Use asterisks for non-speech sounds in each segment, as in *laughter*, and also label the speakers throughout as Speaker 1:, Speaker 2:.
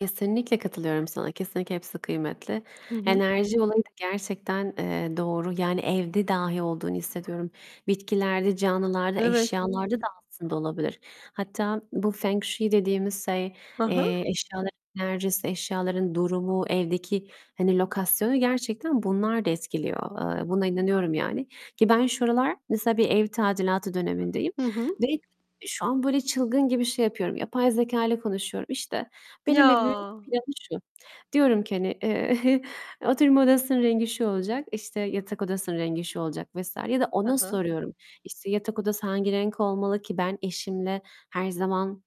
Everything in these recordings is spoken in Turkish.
Speaker 1: Kesinlikle katılıyorum sana. Kesinlikle hepsi kıymetli.
Speaker 2: Hı hı.
Speaker 1: Enerji olayı da gerçekten, eee, doğru. Yani, evde dahi olduğunu hissediyorum. Bitkilerde, canlılarda,
Speaker 2: Evet.
Speaker 1: eşyalarda da aslında olabilir. Hatta bu 风水 dediğimiz şey,
Speaker 2: Ha ha.
Speaker 1: eee, eşyaların enerjisi, eşyaların durumu, evdeki, hani, lokasyonu gerçekten bunlar da etkiliyor. Eee, buna inanıyorum yani. Ki ben şu aralar mesela bir ev tadilatı dönemindeyim
Speaker 2: Hı hı.
Speaker 1: ve şu an böyle çılgın gibi şey yapıyorum, yapay zekâyla konuşuyorum. İşte, "Benim evimin
Speaker 2: Ya!
Speaker 1: planı şu." diyorum ki, hani, eee, *chuckles* "Oturma odasının rengi şu olacak, işte, yatak odasının rengi şu olacak." vs. ya da
Speaker 2: Hı
Speaker 1: ona
Speaker 2: hı.
Speaker 1: soruyorum. İşte, "Yatak odası hangi renk olmalı ki ben eşimle her zaman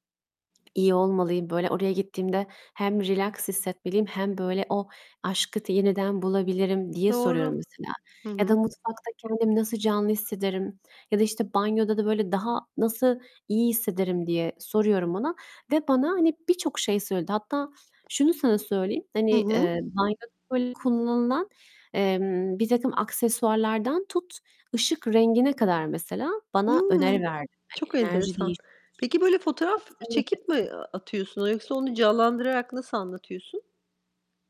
Speaker 1: iyi olmalıyım? Böyle oraya gittiğimde hem relax hissetmeliyim hem böyle o aşkı t yeniden bulabilirim." diye soruyorum
Speaker 2: Doğru.
Speaker 1: mesela.
Speaker 2: Hı
Speaker 1: Ya da,
Speaker 2: hı.
Speaker 1: "Mutfakta kendimi nasıl canlı hissederim?" ya da, işte, "Banyoda da böyle daha nasıl iyi hissederim?" diye soruyorum ona ve bana, hani, birçok şey söyledi. Hatta şunu sana söyleyeyim, hani,
Speaker 2: Hı hı.
Speaker 1: eee, banyoda, böyle, kullanılan, emm, birtakım aksesuarlardan tut ışık rengine kadar mesela bana öneri
Speaker 2: Hıı.
Speaker 1: verdi. Hani,
Speaker 2: Çok
Speaker 1: enerji
Speaker 2: enteresan.
Speaker 1: değiş *unintelligible*
Speaker 2: Peki, böyle fotoğraf
Speaker 1: Hepsini not
Speaker 2: çekip
Speaker 1: ettim.
Speaker 2: mi atıyorsun yoksa onu canlandırarak nasıl anlatıyorsun?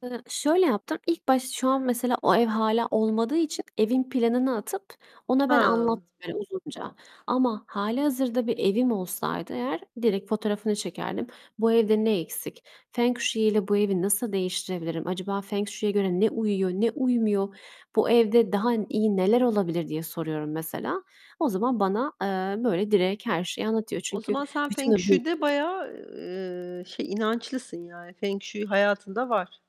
Speaker 1: Hı, şöyle yaptım, ilk baş şu an mesela o ev hâlâ olmadığı için evin planını atıp ona ben
Speaker 2: A!
Speaker 1: anlattım böyle uzunca. Ama hâlihazırda bir evim olsaydı eğer direkt fotoğrafını çekerdim. "Bu evde ne eksik? Feng shui ile bu evi nasıl değiştirebilirim? Acaba feng shui'ye göre ne uyuyor, ne uymuyor? Bu evde daha iyi neler olabilir?" diye soruyorum mesela. O zaman bana, eee, böyle direkt her şeyi anlatıyor.
Speaker 2: O
Speaker 1: Çünkü
Speaker 2: zaman sen
Speaker 1: bütün
Speaker 2: feng
Speaker 1: o bil
Speaker 2: shui'de
Speaker 1: *unintelligible*
Speaker 2: bayağı, ııı, şey, inançlısın. Yani, feng shui hayatında var.